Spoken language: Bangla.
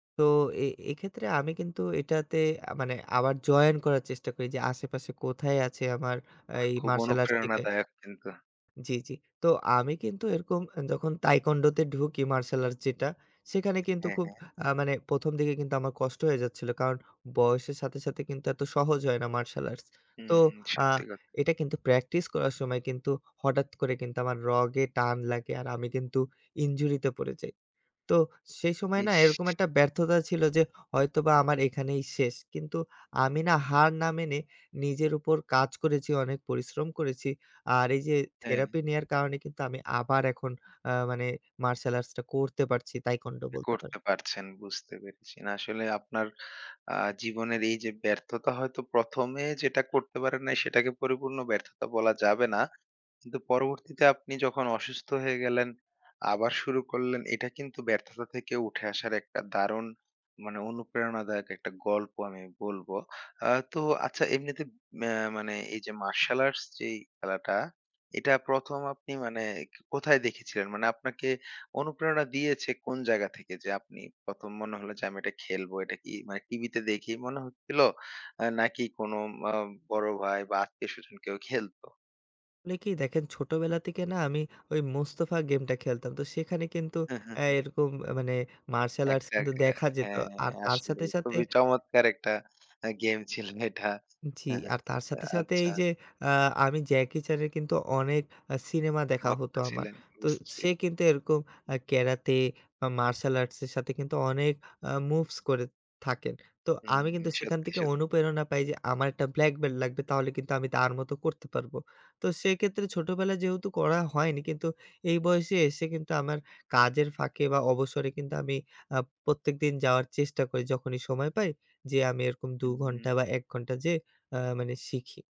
তো এ এক্ষেত্রে আমি কিন্তু এটাতে মানে আবার জয়েন করার চেষ্টা করি যে আশেপাশে কোথায় আছে আমার বাহ! এই খুব মার্শাল আর্টস থেকে অনুপ্রেরণাদায়ক কিন্তু। জি, জি। তো আমি কিন্তু এরকম যখন Taekwondo তে ঢুকি মার্শাল আর্টস যেটা, সেখানে কিন্তু হ্যাঁ, খুব হ্যাঁ। আ মানে ১ম দিকে কিন্তু আমার কষ্ট হয়ে যাচ্ছিল। কারণ বয়সের সাথে, সাথে কিন্তু এত সহজ হয় না মার্শাল আর্টস। হু, তো হু আ সত্যি ক এটা কিন্তু প্র্যাকটিস করার সময় কিন্তু হঠাৎ করে কিন্তু আমার রগে টান লাগে। আর আমি কিন্তু ইনজুরিতে পড়ে যাই। তো সেই সময় না এরকম ইস! একটা ব্যর্থতা ছিল যে হয়তোবা আমার এখানেই শেষ। কিন্তু আমি না হার না মেনে নিজের উপর কাজ করেছি, অনেক পরিশ্রম করেছি। আর এইযে হ্যাঁ। থেরাপি নেয়ার কারণে কিন্তু আমি আবার এখন আ মানে মার্শাল আর্টসটা করতে পারছি Taekwondo বলতে পারি। করতে পারছেন বুঝতে পেরেছি। না আসলে আপনার আ জীবনের এইযে ব্যর্থতা হয়তো ১ম এ যেটা করতে পারেন না সেটাকে পরিপূর্ণ ব্যর্থতা বলা যাবে না। কিন্তু পরবর্তীতে আপনি যখন অসুস্থ হয়ে গেলেন, আবার শুরু করলেন এটা কিন্তু ব্যর্থতা থেকে উঠে আসার একটা দারুণ মানে, অনুপ্রেরণাদায়ক একটা গল্প আমি বলব। আ তো আচ্ছা এমনিতে ম্যা মানে এই যে মার্শাল আর্টস যে খেলাটা। এটা ১ম আপনি মানে কোথায় দেখেছিলেন? মানে আপনাকে অনুপ্রেরণা দিয়েছে কোন জায়গা থেকে? যে আপনি ১ম মনে হলো যে আমি এটা খেলবো। এটা কি মানে টিভিতে দেখেই মনে হচ্ছিল? আ নাকি কোনো আ বড় ভাই বা আত্মীয় স্বজন কেউ খেলত? অনেকে দেখেন ছোটবেলা থেকে না? আমি ওই Mustafa গেমটা খেলতাম। তো সেখানে কিন্তু হ্যাঁ, হ্যাঁ, আ হ্যাঁ। এরকম মানে মার্শাল আর্টস একটার কিন্তু আ দেখা যেত। হ্যাঁ, আর তার সাথে আসলেই সাথে খুবই চমৎকার একটা আ গেম ছিল এটা। জি। হু, হু। আর তার সাথে, সাথে আচ্ছা। এই যে আ আমি জ্যাকি চ্যানের কিন্তু অনেক আ সিনেমা দেখা ভক্ত হত আমার। ছিলেন তো বুঝছি। সে কিন্তু এরকম আ ক্যারাতে বা মার্শাল আর্টস এর সাথে কিন্তু অনেক আ মুভস করে থাকেন। তো হুম। আমি কিন্তু সেখান সত্যি, থেকে সত্যি। অনুপ্রেরণা পাই যে আমার একটা ব্ল্যাকবেলট লাগবে তাহলে কিন্তু আমি তার মতো করতে পারবো। তো সেক্ষেত্রে ছোটবেলায় যেহেতু করা হয়নি, কিন্তু এই বয়সে এসে কিন্তু আমার কাজের ফাঁকে, বা অবসরে কিন্তু আমি আ প্রত্যেকদিন যাওয়ার চেষ্টা করি যখনই সময় পাই। যেয়ে আমি এরকম ২ ঘন্টা হুম। বা ১ ঘন্টা যে আ মানে শিখি।